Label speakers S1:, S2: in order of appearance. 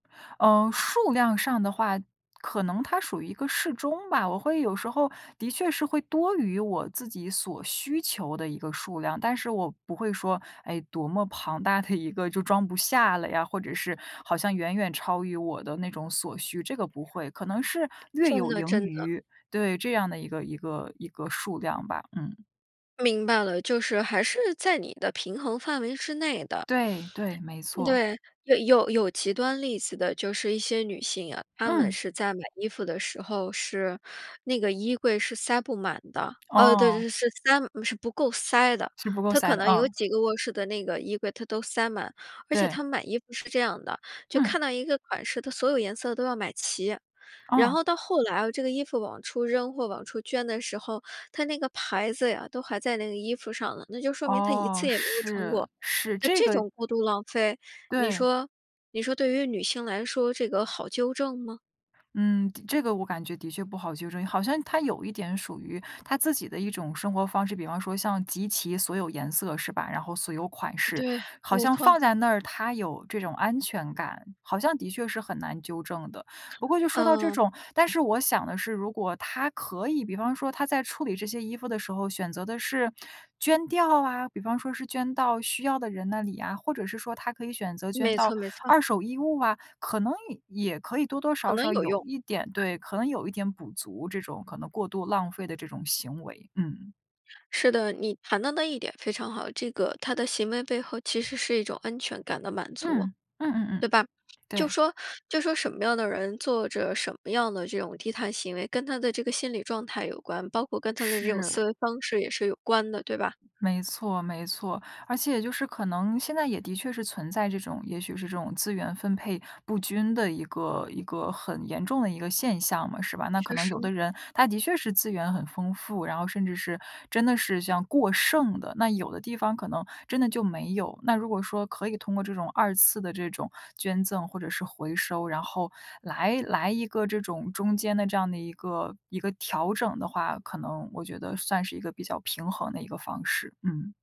S1: 嗯，数量上的话，可能它属于一个适中吧。我会有时候的确是会多于我自己所需求的一个数量，但是我不会说，哎，多么庞大的一个就装不下了呀，或者是好像远远超于我的那种所需，这个不会。可能是略
S2: 真
S1: 有
S2: 的
S1: 盈
S2: 真的。
S1: 余。对，这样的一个一个一个数量吧，嗯。
S2: 明白了。就是还是在你的平衡范围之内的。
S1: 对，对，没错。
S2: 对，有有有极端例子的，就是一些女性啊，她们
S1: 嗯。
S2: 是在买衣服的时候，是那个衣柜是塞不满的。哦，对对
S1: 哦。
S2: 对，是塞是不够塞的。
S1: 是不够
S2: 她
S1: 塞
S2: 可
S1: 的，
S2: 能有
S1: 嗯。
S2: 几个卧室的那个衣柜，她都塞满。而且
S1: 对。
S2: 她买衣服是这样的，就
S1: 嗯。
S2: 看到一个款式她所有颜色都要买齐。然
S1: 哦。
S2: 后到后来，这个衣服往出扔，或往出捐的时候，它那个牌子呀，都还在那个衣服上呢，那就说明她一
S1: 噢，
S2: 次也没有穿
S1: 是，
S2: 过。
S1: 是，
S2: 那
S1: 这
S2: 这
S1: 个
S2: 种过度浪费，你
S1: 对。
S2: 说你说对于女性来说这个好纠正吗？
S1: 嗯，对，这个我感觉的确不好纠正。好像她有一点属于她自己的一种生活方式。比方说像集齐所有颜色是吧，然后所有款式。
S2: 对，
S1: 好
S2: 没
S1: 像放
S2: 错。
S1: 在那儿她有这种安全感，好像的确是很难纠正的。不过就说到这
S2: 嗯。
S1: 种但是我想的是如果她可以，比方说她在处理这些衣服的时候选择的是，捐掉啊，比方说是捐到需要的人那里啊，或者是说她可以选择捐
S2: 没
S1: 到
S2: 错没错。
S1: 二手衣物啊，可能也也可以多多
S2: 可
S1: 少
S2: 能
S1: 少
S2: 有
S1: 有
S2: 用。
S1: 一点对，可能有一点补足，这种可能过度浪费的这种行为。嗯。
S2: 是的，你谈的那一点非常好。这个，她的行为背后其实是一种安全感的满足，
S1: 嗯，嗯嗯
S2: 对
S1: 嗯。
S2: 吧？就
S1: 对。
S2: 说就说什么样的人做着什么样的这种低碳行为，跟她的这个心理状态有关，包括跟她的这种
S1: 是。
S2: 思维方式也是有关的，对吧？
S1: 没错没错。而且就是可能现在也的确是存在这种，也许是这种资源分配不均的一个一个很严重的一个现象嘛，是吧？那可
S2: 确
S1: 能有
S2: 实。
S1: 的人他的确是资源很丰富，然后甚至是真的是这样过剩的，那有的地方可能真的就没有。那如果说可以通过这种二次的这种捐赠或者是回收，然后来来一个这种中间的这样的一个一个调整的话，可能我觉得算是一个比较平衡的一个方式。嗯。